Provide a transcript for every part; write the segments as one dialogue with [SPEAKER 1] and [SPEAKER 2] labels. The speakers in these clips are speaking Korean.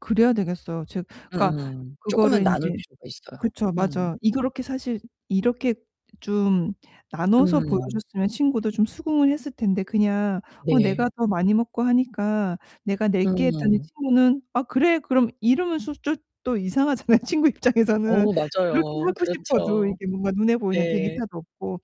[SPEAKER 1] 그래야 되겠어요. 즉
[SPEAKER 2] 음
[SPEAKER 1] 그러니까
[SPEAKER 2] 음.
[SPEAKER 1] 그거를
[SPEAKER 2] 쪼끔은 나눌
[SPEAKER 1] 인제
[SPEAKER 2] 필요가 있어요.
[SPEAKER 1] 그쵸.
[SPEAKER 2] 음.
[SPEAKER 1] 맞아. 이 그렇게 사실 이렇게 좀 나눠서
[SPEAKER 2] 음.
[SPEAKER 1] 보여줬으면 친구도 좀 수긍을 했을 텐데 그냥 "어
[SPEAKER 2] 네.
[SPEAKER 1] 내가 더 많이 먹고 하니까 내가 낼게." 했더니
[SPEAKER 2] 음.
[SPEAKER 1] 친구는 "아, 그래, 그럼." 이러면 소 쫏 또 이상하잖아요. 친구 입장에서는.
[SPEAKER 2] 어,
[SPEAKER 1] 그렇게
[SPEAKER 2] 맞아요.
[SPEAKER 1] 하고 싶어도
[SPEAKER 2] 그렇죠.
[SPEAKER 1] 이게 뭔가 눈에 보이는
[SPEAKER 2] 네.
[SPEAKER 1] 데이터도 없고.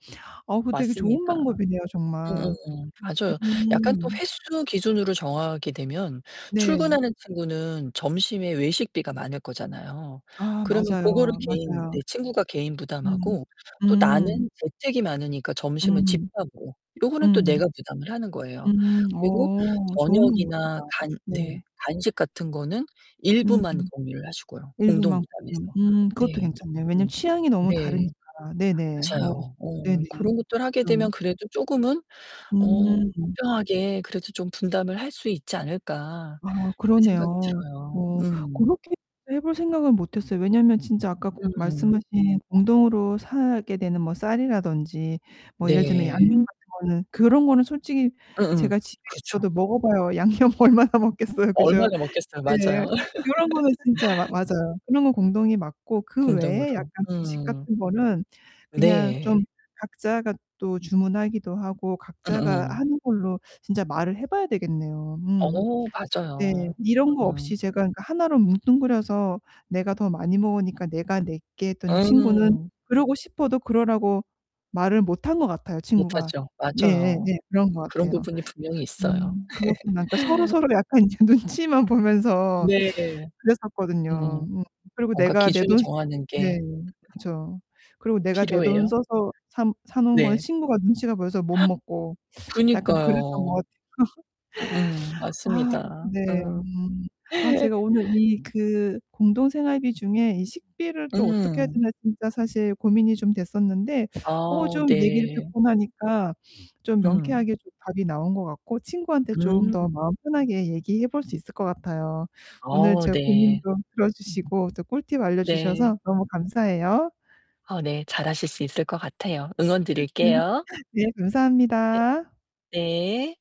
[SPEAKER 1] 어, 그거 되게 좋은
[SPEAKER 2] 맞습니다.
[SPEAKER 1] 방법이네요. 정말.
[SPEAKER 2] 응응응. 맞아요. 약간 또
[SPEAKER 1] 음.
[SPEAKER 2] 횟수 기준으로 정하게 되면
[SPEAKER 1] 네.
[SPEAKER 2] 출근하는 친구는 점심에 외식비가 많을 거잖아요.
[SPEAKER 1] 아,
[SPEAKER 2] 그러면 그거를
[SPEAKER 1] 맞아요,
[SPEAKER 2] 개인 네
[SPEAKER 1] 맞아요.
[SPEAKER 2] 친구가 개인
[SPEAKER 1] 음
[SPEAKER 2] 부담하고 또 나는
[SPEAKER 1] 음.
[SPEAKER 2] 재택이 많으니까 점심은 집
[SPEAKER 1] 음
[SPEAKER 2] [unintelligible] 요거는 또
[SPEAKER 1] 음.
[SPEAKER 2] 내가 부담을 하는 거에요.
[SPEAKER 1] 음
[SPEAKER 2] 그리고
[SPEAKER 1] 어 좋은
[SPEAKER 2] 저녁이나
[SPEAKER 1] 방법이다.
[SPEAKER 2] 간
[SPEAKER 1] 네.
[SPEAKER 2] 네. 간식 같은 거는
[SPEAKER 1] 음.
[SPEAKER 2] 일부만 공유를 하시고요. 공동
[SPEAKER 1] 일부만
[SPEAKER 2] 부담해서.
[SPEAKER 1] [unintelligible] 음 그것도
[SPEAKER 2] 네.
[SPEAKER 1] 괜찮네. 왜냐면
[SPEAKER 2] 음.
[SPEAKER 1] 취향이 너무 다르니까.
[SPEAKER 2] 네.
[SPEAKER 1] 네네. 어.
[SPEAKER 2] 맞아요.
[SPEAKER 1] 네네.
[SPEAKER 2] 음. 그런 것들을 하게
[SPEAKER 1] 그것도
[SPEAKER 2] 되면 그래도 조금은 어
[SPEAKER 1] 음.
[SPEAKER 2] 공정하게 그래도 좀 분담을 할 수 있지 않을까
[SPEAKER 1] 아
[SPEAKER 2] 그렇게 생각이
[SPEAKER 1] 그러네요.
[SPEAKER 2] 들어요.
[SPEAKER 1] 어
[SPEAKER 2] 음.
[SPEAKER 1] 고렇게 해 볼 생각은 못했어요. 왜냐면 진짜 아까
[SPEAKER 2] 음.
[SPEAKER 1] 말씀하신 공동으로 사게 되는 뭐 쌀이라든지 뭐 예를 들면
[SPEAKER 2] 네.
[SPEAKER 1] 양념 같은 거는 그런 거는 솔직히
[SPEAKER 2] 응응,
[SPEAKER 1] 제가 집에
[SPEAKER 2] 그렇죠.
[SPEAKER 1] 있어도 먹어봐야 양념 얼마나 먹겠어요. 그죠?
[SPEAKER 2] 얼마나 먹겠어요.
[SPEAKER 1] 네.
[SPEAKER 2] 맞아요.
[SPEAKER 1] 그런 거는 진짜 마 맞아요. 그런 건 공동이 맞고 그 외에
[SPEAKER 2] 공동으로
[SPEAKER 1] 약간 주식
[SPEAKER 2] 음.
[SPEAKER 1] 같은 거는 그냥
[SPEAKER 2] 네.
[SPEAKER 1] 좀 각자가 또 주문하기도 하고 각자가
[SPEAKER 2] 음음.
[SPEAKER 1] 하는 걸로 진짜 말을 해 봐야 되겠네요. 음.
[SPEAKER 2] 어,
[SPEAKER 1] 네,
[SPEAKER 2] 맞아요.
[SPEAKER 1] 이런 거
[SPEAKER 2] 음.
[SPEAKER 1] 없이 제가 하나로 뭉뚱그려서 "내가 더 많이 먹으니까 내가 낼게." 했더니 친구는
[SPEAKER 2] 응.
[SPEAKER 1] 그러고 싶어도 그러라고 말을 못한 것 같아요. 친구가.
[SPEAKER 2] 못하죠.
[SPEAKER 1] 네, 예,
[SPEAKER 2] 맞아요.
[SPEAKER 1] 네. 그런 거
[SPEAKER 2] 그런
[SPEAKER 1] 같아요.
[SPEAKER 2] 부분이 분명히 있어요.
[SPEAKER 1] 음 그렇구나. 그러니까 서로서로 약간 이제 눈치만 보면서
[SPEAKER 2] 네. 음.
[SPEAKER 1] 그랬었거든요. 음. 그리고
[SPEAKER 2] 뭔가
[SPEAKER 1] 내가 내
[SPEAKER 2] 기준을
[SPEAKER 1] 돈
[SPEAKER 2] 정하는 게
[SPEAKER 1] 네, 그쵸. 그리고 내가 내 돈
[SPEAKER 2] 필요해요.
[SPEAKER 1] 써서 사 사 놓은 건
[SPEAKER 2] 네.
[SPEAKER 1] 친구가 눈치가 보여서 못 먹고 약간 그랬던 것
[SPEAKER 2] 그니까요. 음음,
[SPEAKER 1] 같아요. 아
[SPEAKER 2] 맞습니다.
[SPEAKER 1] 네.
[SPEAKER 2] 음.
[SPEAKER 1] 음 아 제가 오늘 이 그 공동생활비 중에 이 식비를 또 어떻게 해야
[SPEAKER 2] 음.
[SPEAKER 1] 되나 진짜 사실 고민이 좀 됐었는데
[SPEAKER 2] 아
[SPEAKER 1] 어 좀 얘기를
[SPEAKER 2] 네.
[SPEAKER 1] 듣고 나니까 좀
[SPEAKER 2] 음.
[SPEAKER 1] 명쾌하게 좀 답이 나온 것 같고 친구한테 좀 더
[SPEAKER 2] 음.
[SPEAKER 1] 마음 편하게 얘기해 볼 수 있을 것 같아요. 오늘
[SPEAKER 2] 어
[SPEAKER 1] 제 고민
[SPEAKER 2] 네.
[SPEAKER 1] 좀 들어주시고 또 꿀팁
[SPEAKER 2] 네.
[SPEAKER 1] 알려주셔서 너무 감사해요.
[SPEAKER 2] 어 네, 잘하실 수 있을 것 같아요. 응원 드릴게요.
[SPEAKER 1] 네.
[SPEAKER 2] 네.
[SPEAKER 1] 감사합니다.
[SPEAKER 2] 네.